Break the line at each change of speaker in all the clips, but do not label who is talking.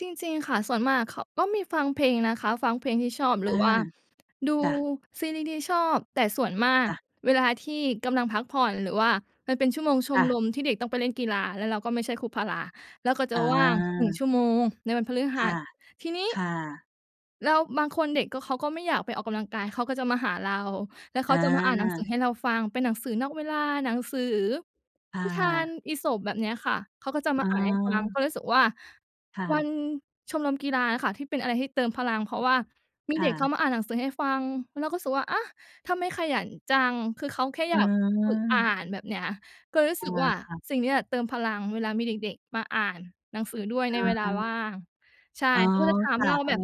จริง ๆ ค่ะ ส่วนมากเขา ก็มีฟังเพลงนะคะ ฟังเพลงที่ชอบหร
อ
ื
า
อว่าดู
จ้ะ
ซีรีส์ที่ชอบ แต่ส่วนมาก
จ้ะ
เวลาที่กำลังพักผ่อน หรือว่ามันเป็นชั่วโมงช
ค
ม
่
ร
ะ
มที่เด็กต้องไปเล่นกีฬา แล้วเราก็ไม่ใช่ครูพารา เราก็จะ
อ
ว่าง 1 ชั
า
่วโมงในวันพฤห
ค
ั
่
ส
ะ
ทีนี้
ค่ะ
แล้วบางคนเด็กก็ เขาก็ไม่อยากไปออกกำลังกาย เขาก็จะมาหาเรา แล้วเข
อ
าจะมาอ่านหนังสือ
า
ให้เราฟัง เป็นหนังสือนอกเวลา หนังสือ
ค่
นิทาน
ะ
อีสป แบบเนี้ยค่ะ เขาก็จะม
อ๋
า
อ
อ่านให้ฟัง ก็รู้สึกว่า
ค่
วั
ะ
นชมรมกีฬาอะค่ะ ที่เป็นอะไรที่เติมพลังเพราะว่ามี
ค
เด
่
็กเข
ะ
ามาอ่านหนังสือให้ฟัง เราก็รู้สึกว่า อา ทำไม่ขยันจัง คือเขาแค่อ
อ
ย
ื
ากฝึกอ่า
ม
น แบบเนี้ย ก็เลยรู้
อ
ส
า
ึกว่า
ค่ะ
สิ่งนี้แหละเติมพลัง เวลามีเด็ก ๆ มาอ่านหนังสือด้วยในเว
อ
ลาว
า
่าง ใช่
อ๋อ
เขาก็จะถาม
ค่
เ
ะ
รา
อ
แบ
า
บ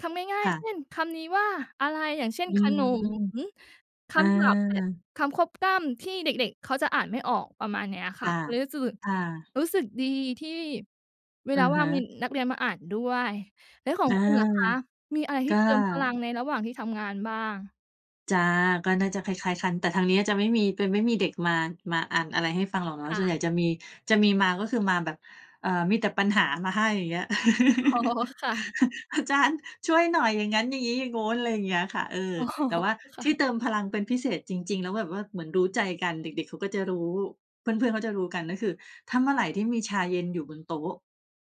คำง่า
ค
ย
่
ๆ เช
ะ
่นคำนี้ว่าอะไร อย่างเช่น
อื
ข
ม
นม ค
อ
ำศัพท์แบบ
า
คำควบกล้ำที่เด็ก ๆ เขาจะอ่านไม่ออก ประมาณเนี้ยค
ค
่ะ
่ะ
เลยรู้สึก
ค่ะ
รู้สึกดีที่เว
อ
ล
ะ
าว่
ฮ
างมี
ะ
นักเรียนมาอ่านด้วย แล้วของ
อา
คุณล่ะคะมีอะไรท
ก
ี่
็
เตรียมพลังในระหว่างที่ทำงานบ้าง?
จ้ะ ก็น่าจะคล้าย ๆ กันแต่ทางนี้จะไม่มี จะมีไม่มีเด็กมา มาอ่านอะไรให้ฟังหรอกเนา
ค
ะ
่
ส่วนใ
ะ
หญ่จะมี จะมีมาก็คือมาแบบ เอ่อ มีแต่ปัญหามาให้ อย่างเงี้ย
อ๋อ ค่ะ
"อาจารย์ช่วยหน่อย อย่างงั้น อย่างงี้ อย่างงู้น" อะไรอย่างเงี้ยค่ะ เอ่อ
อ๋อ
แต่ว่า
ค่
ที
ะ
่เติมพลังเป็นพิเศษจริง ๆ แล้วแบบว่าเหมือนรู้ใจกัน เด็ก ๆ เขาก็จะรู้ เพื่อน ๆ เขาจะรู้กัน ก็คือถ้าเมื่อไรที่มีชาเย็นอยู่บนโต๊ะ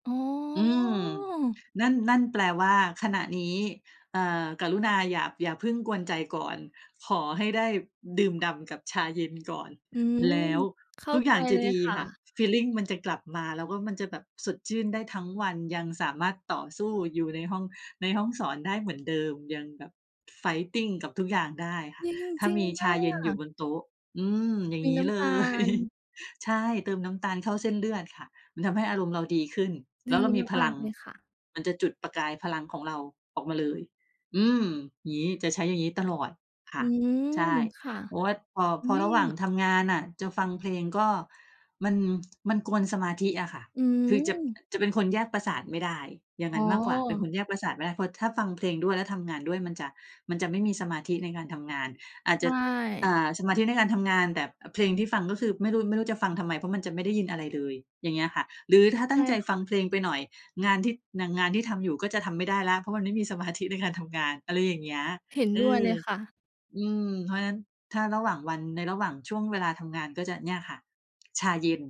อ๋อ
อืม นั่น นั่นแปลว่าขณะนี้ เอ่อ กรุณาอย่า อย่าพึ่งกวนใจก่อน ขอให้ได้ดื่มด่ำกับชาเย็นก่อน
อืม
แล้ว
เข้า
ทุก
ใ
อ
จ
ย่างจ
เ
ะ
ลย
ดี
ค่
ค่ะ
ะ
ฟีลลิงมันจะกลับมา แล้วก็มันจะแบบสดชื่นได้ทั้งวัน ยังสามารถต่อสู้อยู่ในห้อง ในห้องสอนได้เหมือนเดิม ยังแบบ fighting กับทุกอย่างได้ค
จ
่ะ
ริง
ถ้
จ
า
ริง
มี
ม
ช
า
าเย็นอยู่
ก
บนโต๊ะ อืม อย่
ม
าง
ี
ง
น
ี้
้
เล
ำตา
ย
ล
ใช่ เติมน้ำตาลเข้าเส้นเลือดค่ะ มันทำให้อารมณ์เราดีขึ้น
ด
แล
ี
้วเรามีพ
มา
ลั
ก
ง
ๆ เลยค่ะ
มันจะจุดประกายพลังของเราออกมาเลย อืม อย่างงี้ จะใช้อย่างนี้ตลอด ค
อ
่
ื
ะ
ม
ใช่
ค่ะ
เพราะว่าพอ
อุ
พ
๊
อระหว่าง
ย
ทำงานน่ะจะฟังเพลงก็ มัน มันกวนสมาธิอะค่ะ
อื
คือจะ
ม
จะเป็นคนแยกประสาทไม่ได้ อย่า
อ
ง
๋
งั
อ
้นมากกว่า เป็นคนแยกประสาทไม่ได้ เพราะถ้าฟังเพลงด้วย แล้วทำงานด้วยมันจะ มันจะไม่มีสมาธิในการทำงาน อาจ
ใช
จะ อ่
่
า สมาธิในการทำงาน แต่ อ เพลงที่ฟัง ก็คือไม่รู้ ไม่รู้จะฟังทำไม เพราะมันจะไม่ได้ยินอะไรเลย อย่างเงี้ยค่ะ หรือถ้าต
ใ
ั
ช
้
่
งใจ
ค
ฟ
่
ั
ะ
งเพลงไปหน่อย งานที่ อย่างงานที่ทำอยู่ก็จะทำไม่ได้แล้ว เพราะมันไม่มีสมาธิในการทำงาน อะไรอย่างเงี้ย
เห็น
เอ
ด้วย
อ
เลยค่ะ
อืม เพราะฉะนั้นถ้าระหว่างวัน ในระหว่างช่วงเวลาทำงาน ก็จะเนี่ยค่ะ ชาเย็น